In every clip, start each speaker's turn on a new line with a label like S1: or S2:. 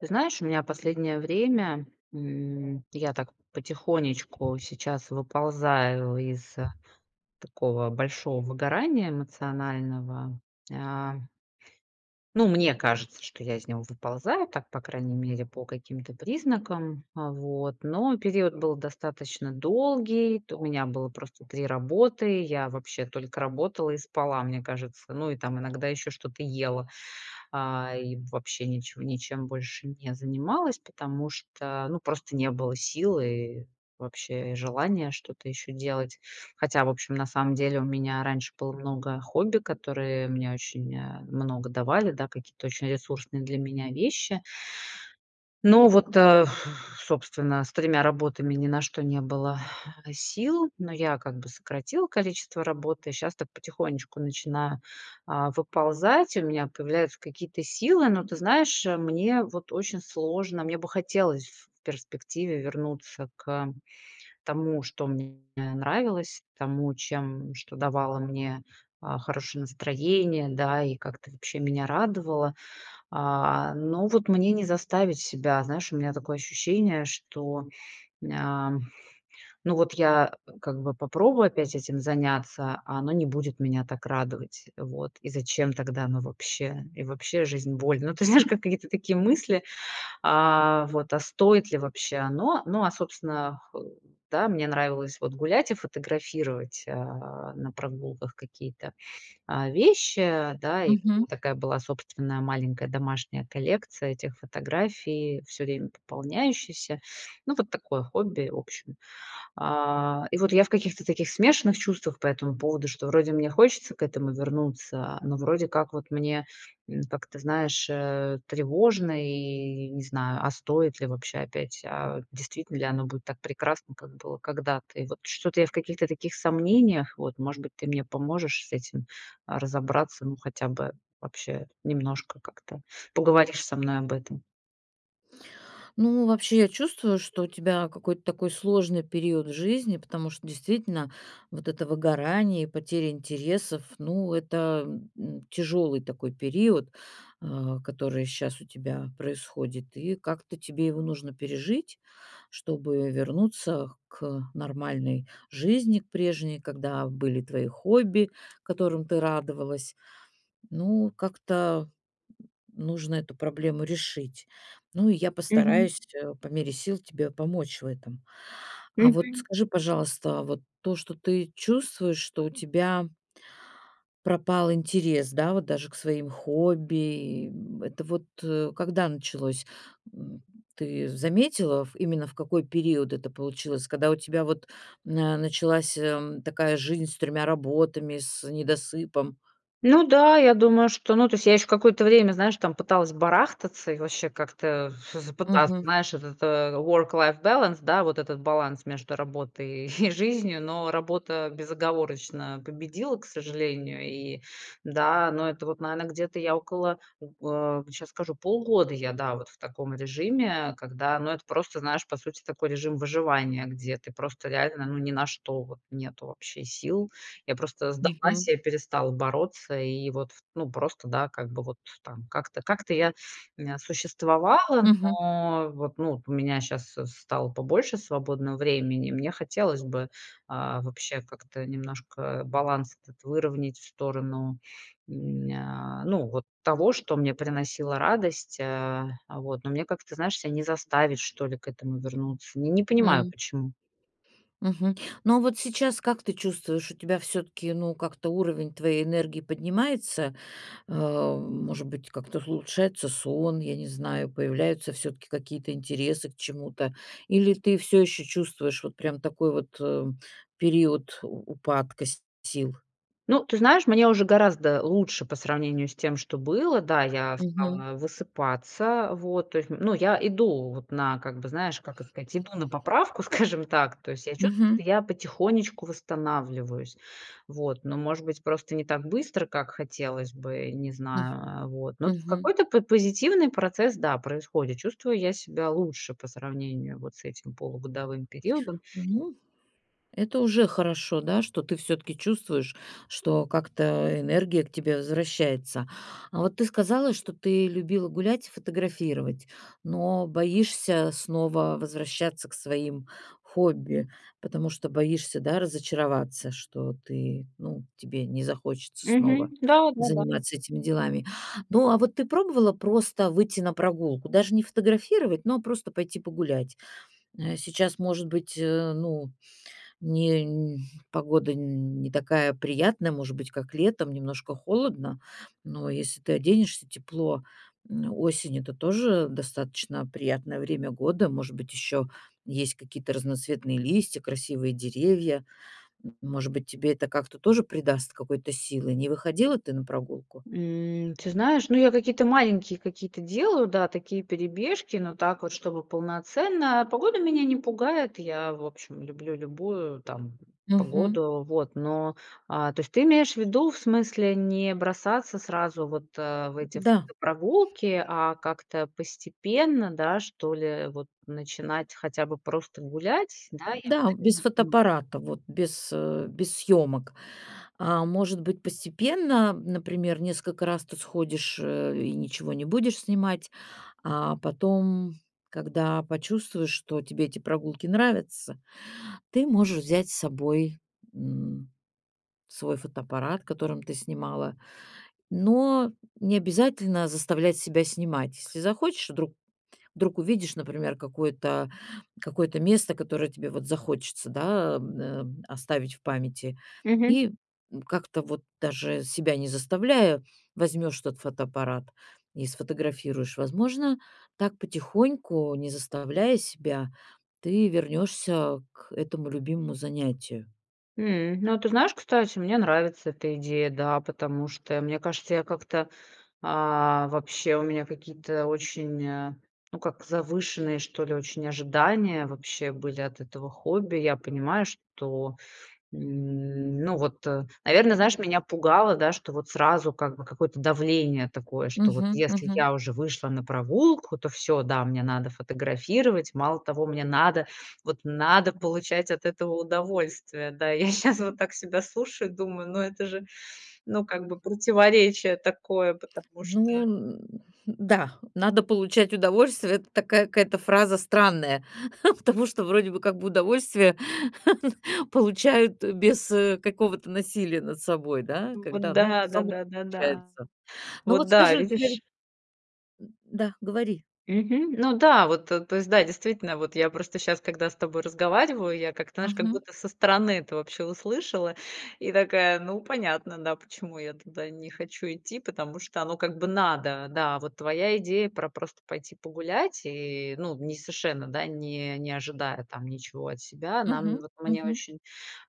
S1: Ты знаешь, у меня последнее время, м, я так потихонечку сейчас выползаю из такого большого выгорания эмоционального, а. Ну, мне кажется, что я из него выползаю, так, по крайней мере, по каким-то признакам. Вот, но период был достаточно долгий, то у меня было просто 3 работы. Я вообще только работала и спала, мне кажется. Ну, и там иногда ещё что-то ела, а, и вообще ничего ничем больше не занималась, потому что, ну, просто не было сил и вообще желания что-то ещё делать. Хотя, в общем, на самом деле у меня раньше было много хобби, которые мне очень, э, много давали, да, какие-то очень ресурсные для меня вещи. Но вот, а, собственно, с тремя работами ни на что не было сил, но я как бы сократила количество работы. Щас так потихонечку начинаю, а, выползать, у меня появляются какие-то силы, но ты знаешь, мне вот очень сложно, мне бы хотелось в перспективе вернуться к тому, что мне нравилось, тому, чем что давало мне, а, хорошее настроение, да, и как-то вообще меня радовало. А, но вот мне не заставить себя, знаешь, у меня такое ощущение, что м, ам. Ну вот я, э, как бы попробую опять этим заняться, а оно не будет меня так радовать, вот, и зачем тогда оно вообще? И вообще, жизнь- боль, ну, ты знаешь, какие-то такие мысли, а, вот, а стоит ли вообще оно? Но, а, собственно хол да, мне нравилось, вот, гулять и фотографировать, а, на прогулках какие-то, а, вещи, а, да. И
S2: Мгм.
S1: такая была собственная маленькая домашняя коллекция этих фотографий, всё время пополняющихся. Ну, вот такое хобби, в общем. А, и вот я в каких-то таких смешанных чувствах по этому поводу, что вроде мне хочется к этому вернуться, а, но вроде как вот мне, как-то, знаешь, э, тревожно и не знаю, а стоит ли вообще опять, а, действительно ли оно будет так прекрасно, как было когда-то. И вот что-то я в каких-то таких сомнениях, вот, может быть, ты мне поможешь с этим, а, разобраться, ну хотя бы вообще немножко как-то поговоришь со мной об этом.
S2: Ну, вообще, я чувствую, что у тебя какой-то такой сложный период в жизни, потому что действительно, вот это выгорание, и потеря интересов, ну, это, э, тяжёлый такой период, а, который щас у тебя происходит. И как-то тебе его нужно пережить, чтобы вернуться к нормальной жизни, к прежней, когда были твои хобби, которым ты радовалась. Ну, как-то, м, нужно эту проблему решить. Ну, и я
S1: Мгм.
S2: постараюсь, э, по мере сил тебе помочь в этом. А вот
S1: Мгм.
S2: скажи, пожалуйста, вот то, что ты чувствуешь, что у тебя пропал интерес, да, вот даже к своим хобби, и, м, это вот, э, когда началось, м? Ты заметила, в именно в какой период это получилось? Когда у тебя вот, на началась, э, такая жизнь с тремя работами, с недосыпом?
S1: Ну да, я думаю, что, ну, то есть, я ещё какое-то время, знаешь, там, пыталась барахтаться и вообще как-то ф всё же пыталась,
S2: Мгм.
S1: знаешь, этот-то work-life balance, да, вот этот баланс между работой и жизнью, но работа безоговорочно победила, к сожалению. И да, но это вот, наверное, где-то я около, в а, сейчас скажу, полгода я, да, вот в таком режиме, когда ну, это просто знаешь, по сути, такой режим выживания, где ты просто реально, ну, ни на что вот нету вообще сил. Я просто сдалась,
S2: Мгм.
S1: я перестала бороться, и вот, в ну, просто да, как бы вот там, как-то, как-то я н существовала,
S2: Мгм.
S1: но, вот, ну, у меня щас с стало побольше свободно времени, мне хотелось бы, а, вообще, как-то немножко, э, баланс этот выровнять в сторону, м, ня, ну вот того, что мне приносило радость, э. А вот, но мне как-то, знаешь, ся не заставить, что ли, к этому вернуться. Не, не понимаю,
S2: М.
S1: почему.
S2: Мгм, но вот сейчас как ты чувствуешь, у тебя всё-таки, ну, как-то уровень твоей энергии поднимается? А, может быть, как-то улучшается сон, я не знаю, появляются всё-таки какие-то интересы к чему-то, или ты всё ещё чувствуешь вот прям такой вот, э, период у упадка с сил?
S1: Ну, ты знаешь, мне уже гораздо лучше по сравнению с тем, что было. Да, я
S2: Мгм.
S1: стала высыпаться, вот. То есть, ну я иду, вот, на как бы знаешь, как это сказать, иду на поправку, скажем так. То есть я чувствую,
S2: Мгм.
S1: что я потихонечку восстанавливаюсь. Вот, но, может быть, просто не так быстро, как хотелось бы, не
S2: М,
S1: знаю, э, вот, но в
S2: мгм.
S1: какой-то по позитивный процесс, да, происходит. Чувствую я себя лучше по сравнению вот с этим полугодовым периодом.
S2: Ну, это уже хорошо, да, что ты всё-таки чувствуешь, что как-то энергия к тебе возвращается. А вот ты сказала, что ты любила гулять и фотографировать, но боишься снова возвращаться к своим хобби, потому что боишься, да, разочароваться, что ты, ну, тебе не захочется
S1: Мгм.
S2: снова
S1: Да-да-да.
S2: заниматься этими делами. Ну, а вот ты пробовала просто выйти на прогулку? Даже не фотографировать, но а просто пойти погулять? Э, сейчас, может быть, э, ну, не погода н не такая приятная, может быть, как летом немножко холодно, но если ты оденешься тепло, м, осень это тоже достаточно приятное время года. Может быть, ещё есть какие-то разноцветные листья, красивые деревья. Может быть, тебе это как-то тоже придаст какой-то силы? Не выходила ты на прогулку?
S1: Эм, ты знаешь, ну, я какие-то маленькие какие-то делаю, да, такие перебежки, но так вот, чтобы полноценно. Погода меня не пугает, я, в общем, люблю любую, там,
S2: Мгм.
S1: погоду. Вот, но, а, то есть ты имеешь в виду, в смысле не бросаться сразу вот, а, в эти в
S2: Да.
S1: прогулки, а как-то постепенно, да, что ли, вот, начинать хотя бы просто гулять, да, я
S2: Да, без
S1: правильно понимаю?
S2: фотоаппарата, вот, без, э, без, съемок. А может быть, постепенно, например, несколько раз ты сходишь, э, и ничего не будешь снимать. А потом, когда почувствуешь, что тебе эти прогулки нравятся, ты можешь взять с собой, м, свой фотоаппарат, которым ты снимала. Но не обязательно заставлять себя снимать. Если захочешь, вдруг, вдруг увидишь, например, какое-то, какое-то место, которое тебе вот захочется, да, м, эм, оставить в памяти,
S1: Мгм.
S2: и, м, как-то вот даже себя не заставляя, возьмешь тот фотоаппарат и сфотографируешь. Возможно, так потихоньку, не заставляя себя, ты вернёшься к этому любимому занятию.
S1: М, ну, ты знаешь, кстати, мне нравится эта идея, да, потому что, мне кажется, я как-то, а, вообще, у меня какие-то очень, а, ну как, завышенные, что ли, очень ожидания вообще были от этого хобби. Я понимаю, что, н ну, вот, наверно, знаешь, меня пугало, да, что вот сразу, как бы, какое-то давление такое, что вот
S2: Мгм,
S1: если
S2: мгм.
S1: я уже вышла на прогулку, то всё, да, мне надо фотографировать, мало того, мне надо, вот надо получать от этого удовольствие. Да, я щас вот так себя слушаю, думаю, но это же, ну, как бы, противоречие такое, потому что.
S2: Ну, н, э, н-да, "надо получать удовольствие"- это такая какая-то фраза странная, потому что вроде бы как бы удовольствие, получают без, э, какого-то насилия над собой, да,
S1: Вот
S2: когда, ну,
S1: да,
S2: само
S1: да-да, да-да.
S2: получается. Ну,
S1: Вот,
S2: вот
S1: да,
S2: скажи, у тебя ведь
S1: видишь?
S2: Да, говори.
S1: Мгм, ну да, вот-то, то есть, да, действительно, вот я просто щас, когда с тобой разговариваю, я как-то, знаешь, как
S2: Мгм.
S1: будто со стороны это вообще услышала и такая: "Ну, понятно, да, почему я туда не хочу идти", потому что оно, как бы, надо, да. Вот твоя идея про просто пойти погулять и ну, не совершенно, да, не не ожидая там ничего от себя, нам
S2: Мгм,
S1: вот мне
S2: мгм.
S1: очень,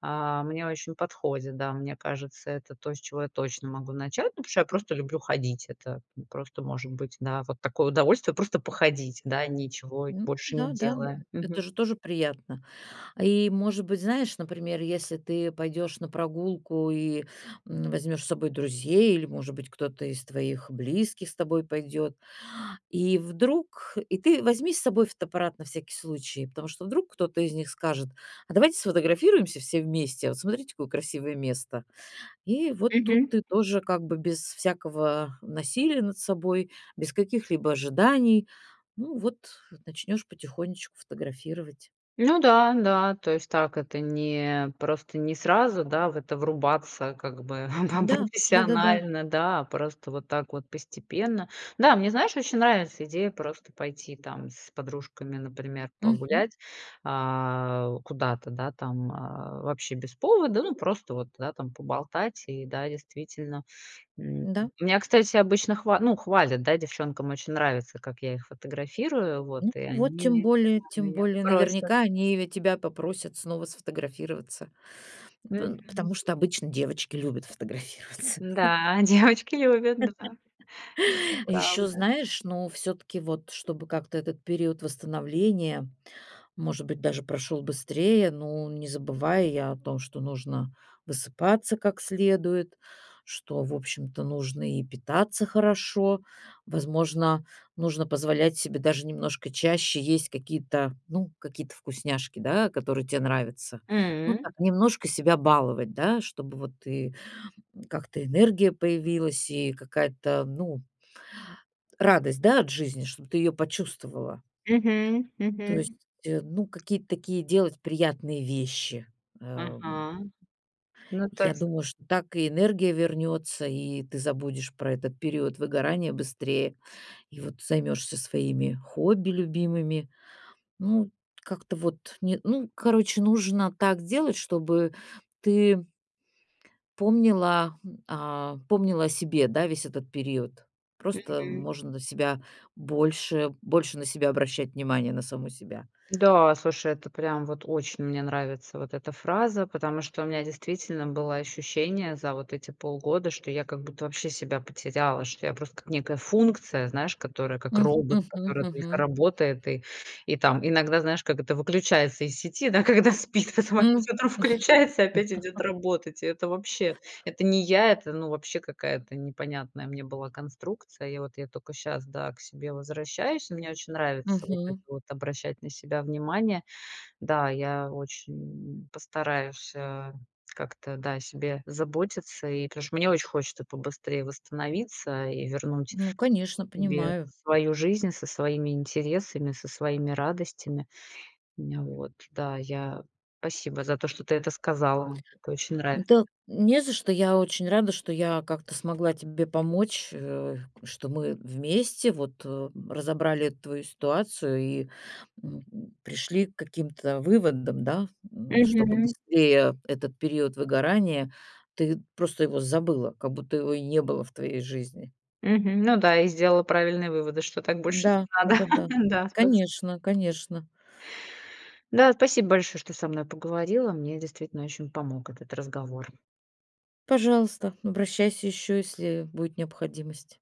S1: а, мне очень подходит, да, мне кажется, это то, с чего я точно могу начать. Ну потому что я просто люблю ходить. Это просто, может быть, да, вот такое удовольствие- просто походить, да, ничего и
S2: Ну,
S1: больше не
S2: да-да, э,
S1: делая.
S2: это
S1: Мгм.
S2: же тоже приятно. И, может быть, знаешь, например, если ты пойдёшь на прогулку и, м, возьмёшь с собой друзей или, может быть, кто-то из твоих близких с тобой пойдёт, и вдруг, и ты возьми с собой фотоаппарат на всякий случай, потому что вдруг кто-то из них скажет: "А давайте сфотографируемся все вместе, а вот cмотрите, какое красивое место". И вот тут
S1: Мгм.
S2: ты тоже как бы без всякого насилия над собой, без каких-либо ожиданий. Ну вот, начнёшь потихонечку фотографировать.
S1: Ну да, да. То есть, так это, не просто, не сразу, да, в это врубаться, как бы, там-там
S2: Да, да-да-да.
S1: профессионально, да, а просто вот так вот постепенно. Да, мне, знаешь, очень нравится идея просто пойти, там, с подружками, например,
S2: Мгм.
S1: погулять, а, куда-то, да, там, а, вообще без повода, ну, просто вот, да, там, поболтать. И да, действительно, м,
S2: Да.
S1: меня, кстати, обычно хвал ну хвалят, да, девчонкам очень нравится, как я их фотографирую, вот,
S2: Ну
S1: и
S2: вот, тем
S1: они
S2: более, тем
S1: меня
S2: более,
S1: просят.
S2: наверняка они ведь тебя попросят снова сфотографироваться, пын потому
S1: Мгм.
S2: что обычно девочки любят фотографироваться.
S1: М-да, девочки любят, да. Это
S2: Ещё,
S1: правда.
S2: знаешь, ну, всё-таки вот, чтобы как-то этот период восстановления, может быть, даже прошёл быстрее, ну, не забывай и о том, что нужно высыпаться как следует, что, в общем-то, нужно и питаться хорошо. Возможно, нужно позволять себе даже немножко чаще есть какие-то, ну, какие-то вкусняшки, да, которые тебе нравятся. Ну
S1: М.
S2: так, немножко себя баловать, да, чтобы вот и как-то энергия появилась и какая-то, ну радость, да, от жизни, чтобы ты её почувствовала.
S1: Мгм,
S2: То
S1: мгм.
S2: есть, э, ну, какие-то такие делать приятные вещи, ам.
S1: Мгм, ну
S2: Я
S1: такс
S2: думаю, что так и энергия вернётся, и ты забудешь про этот период выгорания быстрее. И вот займешься своими хобби любимыми. Ну, как-то вот, не ну короче, нужно так делать, чтобы ты помнила, м, а, помнила о себе, да, весь этот период. Просто
S1: Мгм.
S2: можно на себя больше, больше на себя обращать внимания, на саму себя.
S1: Да, слушай, это прям вот очень мне нравится, вот эта фраза, потому что у меня действительно было ощущение за вот эти полгода, что я как будто вообще себя потеряла, что я просто как некая функция, знаешь, которая как
S2: М,
S1: робот,
S2: мгм,
S1: который только
S2: мгм.
S1: работает и, и там иногда, знаешь, как это выключается из сети, да, когда спит, потом
S2: М.
S1: опять утром включается и опять идёт работать. Это вообще, это не я, это, ну, вообще какая-то непонятная мне была конструкция. И вот я только щас, да, к себе возвращаюсь. Мне очень нравится вот это
S2: Мгм.
S1: вот обращать на себя внимание. Да, я очень, м, постараюсь, э, как-то, да, о себе заботиться и потому что мне очень хочется побыстрее восстановиться и вернуть
S2: Ну конечно,
S1: себе
S2: понимаю.
S1: свою жизнь со своими интересами, со своими радостями, мне, вот. Да, я, спасибо за то, что ты это сказала, это очень нравится.
S2: Да не за что. Я очень рада, что я как-то смогла тебе помочь, э, что мы вместе вот, э, разобрали твою ситуацию и, м, пришли к каким-то выводам, да, м, чтобы
S1: Мгм.
S2: быстрее этот период выгорания, ты просто его забыла, как будто его и не было в твоей жизни.
S1: Мгм, ну да, и сделала правильные выводы, что так больше не
S2: М-да,
S1: надо.
S2: дага да.
S1: Да, спасиб
S2: Конечно-конечно.
S1: Да спасибо большое, что ты со мной поговорила. Мне действительно очень помог этот разговор!
S2: Пожалуйста, обращайся еще, если будет необходимость.